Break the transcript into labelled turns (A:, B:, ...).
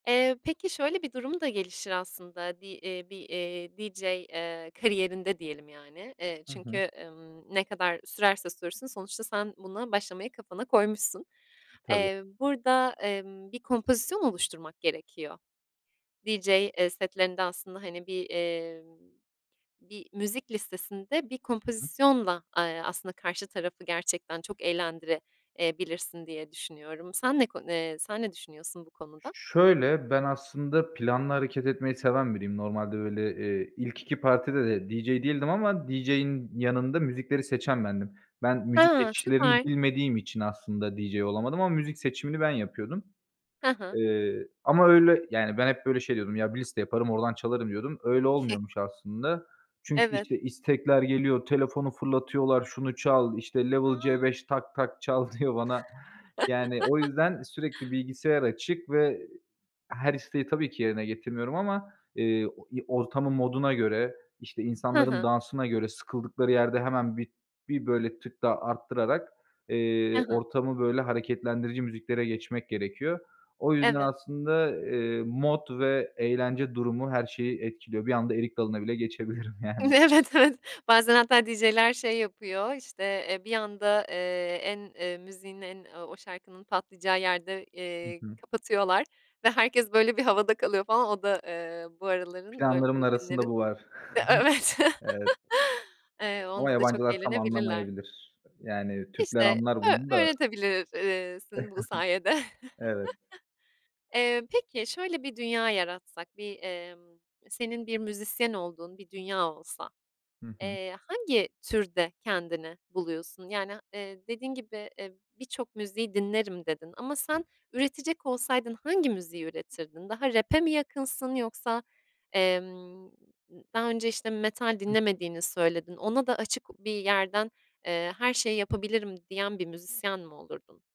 A: Eee, peki, şöyle bir durum da gelişir aslında, bir, eee, bir, eee, DJ, eee, kariyerinde diyelim yani. Eee,
B: Hı hı.
A: çünkü, ımm, ne kadar sürerse sürsün sonuçta sen buna başlamayı kafana koymuşsun.
B: Tabii.
A: Emm, burada, emm, bir kompozisyon oluşturmak gerekiyor. DJ, eee, setlerinde aslında, hani, bir, emm, bir müzik listesinde bir
B: Hı hı.
A: kompozisyonla, aaa, aslında karşı tarafı gerçekten çok eğlendire, eee, bilirsin diye düşünüyorum. Sen ne konu eee, sen ne düşünüyorsun bu
B: Ş
A: konuda?
B: şöyle, ben aslında planlı hareket etmeyi seven biriyim. Normalde öyle, eee, ilk 2 partide de DJ değildim ama DJ'in yanında müzikleri seçen bendim. Ben, müzik
A: Ha,
B: geçişlerini
A: süper.
B: bilmediğim için aslında DJ olamadım ama müzik seçimini ben yapıyordum.
A: Ha ha.
B: Eee, ama, öyle, yani ben hep, böyle, şey diyordum ya "Bir liste yaparım oradan çalarım." diyordum. Öyle olmuyormuş aslında. Çünkü,
A: Evet.
B: işte, istekler geliyor, telefonu fırlatıyorlar şunu çal, işte "Level
A: A!
B: C5 Tak Tak çal." diyor bana. Yani, o yüzden, sürekli bilgisayar açık ve her isteği tabii ki yerine getirmiyorum ama, eee, o i ortamın moduna göre, işte,
A: Ha
B: insanların
A: ha.
B: dansına göre sıkıldıkları yerde hemen bir, bir, böyle, tık daha arttırarak,
A: He
B: eee,
A: he.
B: ortamı, böyle, hareketlendirici müziklere geçmek gerekiyor. O yüzden,
A: Evet.
B: aslında, eee, mod ve eğlence durumu her şeyi etkiliyor. Bir anda erik dalına bile geçebilirim yani.
A: Evet, evet. Bazen hatta DJ'ler şey yapıyor, işte, eee, bir anda, eee, en, eee, müziğin en, ooo, o şarkının patlayacağı yerde,
B: Hı
A: eee,
B: hı.
A: kapatıyorlar ve herkes, böyle, bir havada kalıyor falan o da, eee, bu araların, böyle,
B: Planlarımın arasında
A: bugünlerin,
B: bu var.
A: evet,
B: Evet.
A: eee,
B: Ama
A: onda da çok
B: yabancılar tam
A: eğlenebilirler.
B: anlamayabilir. Yani, Türkler
A: İşte,
B: anlar bunu
A: ö
B: da.
A: öğretebilir, iii, sin bu sayede.
B: Evet.
A: Eee, peki şöyle bir dünya yaratsak, bir, emm, senin bir müzisyen olduğun bir dünya olsa,
B: Hı hı.
A: eee, hangi türde kendini buluyorsun? Yani, eee, dediğin gibi, eee, birçok müziği dinlerim, dedin ama sen üretecek olsaydın hangi müziği üretirdin? Daha rap'e mi yakınsın yoksa, emm, d daha önce, işte, metal
B: Hıh.
A: dinlemediğini söyledin. Ona da açık bir yerden, eee, her şeyi yapabilirim diyen bir müzisyen mi olurdun?